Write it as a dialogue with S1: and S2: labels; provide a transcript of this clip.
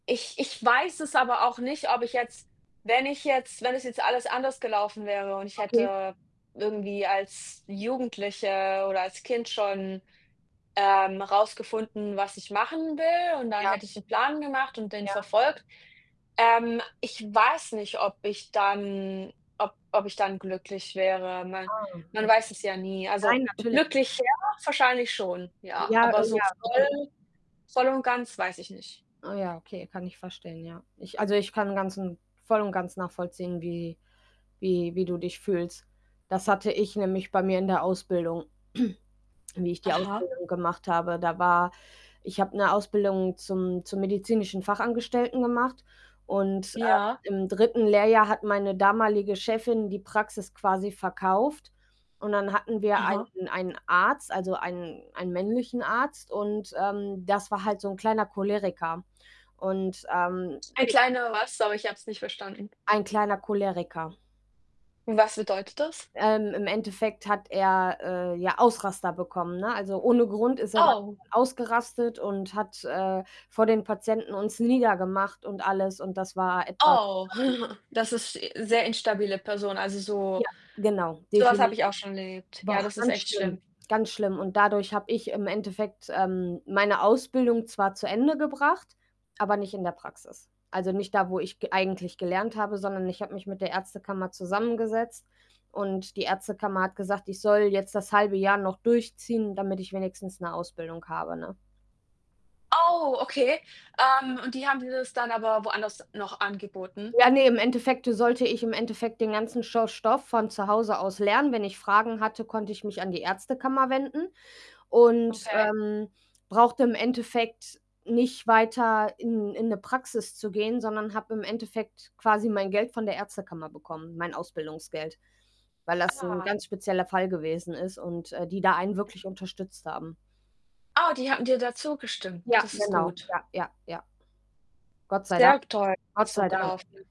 S1: Ich ich weiß es aber auch nicht, ob ich jetzt wenn ich jetzt wenn es jetzt alles anders gelaufen wäre und ich
S2: Okay.
S1: hätte irgendwie als Jugendliche oder als Kind schon, ähm, rausgefunden, was ich machen will und dann
S2: Ja.
S1: hätte ich 'n Plan gemacht und den
S2: Ja.
S1: verfolgt. Ähm, ich weiß nicht, ob ich dann ob ob ich dann glücklich wäre. Man
S2: Oh,
S1: man
S2: okay.
S1: weiß es ja nie.
S2: Nein,
S1: Also
S2: natürlich.
S1: glücklich, ja, wahrscheinlich schon, ja.
S2: Ja,
S1: Aber
S2: oh
S1: so
S2: ja. Okay.
S1: voll voll und ganz weiß ich nicht.
S2: Ah, okay, kann ich verstehen, ja. Ich also, ich kann ganzen voll und ganz nachvollziehen, wie wie wie du dich fühlst. Das hatte ich nämlich bei mir in der Ausbildung, wie ich die
S1: Aha.
S2: Ausbildung gemacht habe. Da war ich habe 'ne Ausbildung zum zum medizinischen Fachangestellten gemacht und, äh,
S1: Ja.
S2: im 3. Lehrjahr hat meine damalige Chefin die Praxis quasi verkauft. Und dann hatten wir
S1: Aha.
S2: einen einen Arzt, also, einen einen männlichen Arzt und, ähm, das war halt so 'n kleiner Choleriker und, ähm.
S1: Ein
S2: [unintelligible]
S1: kleiner was? Sorry, ich hab's nicht verstanden.
S2: Ein kleiner Choleriker.
S1: Und was bedeutet das?
S2: Ähm, im Endeffekt hat er, äh, ja Ausraster bekommen, ne? Also, ohne Grund ist er [unintelligible]
S1: Oh.
S2: ausgerastet und hat, äh, vor den Patienten uns niedergemacht und alles und das war etwas,
S1: Oh.
S2: ähm
S1: Das ist e sehr instabile Person. Also, so
S2: Ja, genau,
S1: sowas habe
S2: definitiv.
S1: ich auch schon erlebt.
S2: War
S1: Ja,
S2: auch
S1: das ist
S2: ganz
S1: echt
S2: schlimm,
S1: schlimm.
S2: ganz schlimm und dadurch habe ich im Endeffekt, ähm, meine Ausbildung zwar zu Ende gebracht, aber nicht in der Praxis. Also, nicht da, wo ich g eigentlich gelernt habe, sondern ich habe mich mit der Ärztekammer zusammengesetzt und die Ärztekammer hat gesagt, ich soll jetzt das 1/2 Jahr noch durchziehen, damit ich wenigstens 'ne Ausbildung habe, ne?
S1: Oh, okay. Ähm, und die haben dir das dann aber woanders noch angeboten?
S2: Ja, ne, im Endeffekte sollte ich im Endeffekt den ganzen scho Stoff von zu Hause aus lernen. Wenn ich Fragen hatte, konnte ich mich an die Ärztekammer wenden und,
S1: Okay.
S2: ähm, brauchte im Endeffekt nicht weiter in in 'ne Praxis zu gehen, sondern habe im Endeffekt quasi mein Geld von der Ärztekammer bekommen, mein Ausbildungsgeld, weil das 'n
S1: Ah.
S2: ganz spezieller Fall gewesen ist und, äh, die da einen wirklich unterstützt haben.
S1: Ah, die hatten dir da zugestimmt.
S2: Ja,
S1: Das ist
S2: genau.
S1: gut.
S2: Ja, ja, ja. Gott sei Dank.
S1: Sehr g toll [unintelligible]
S2: Gott
S1: so
S2: sei Dank.
S1: gelaufen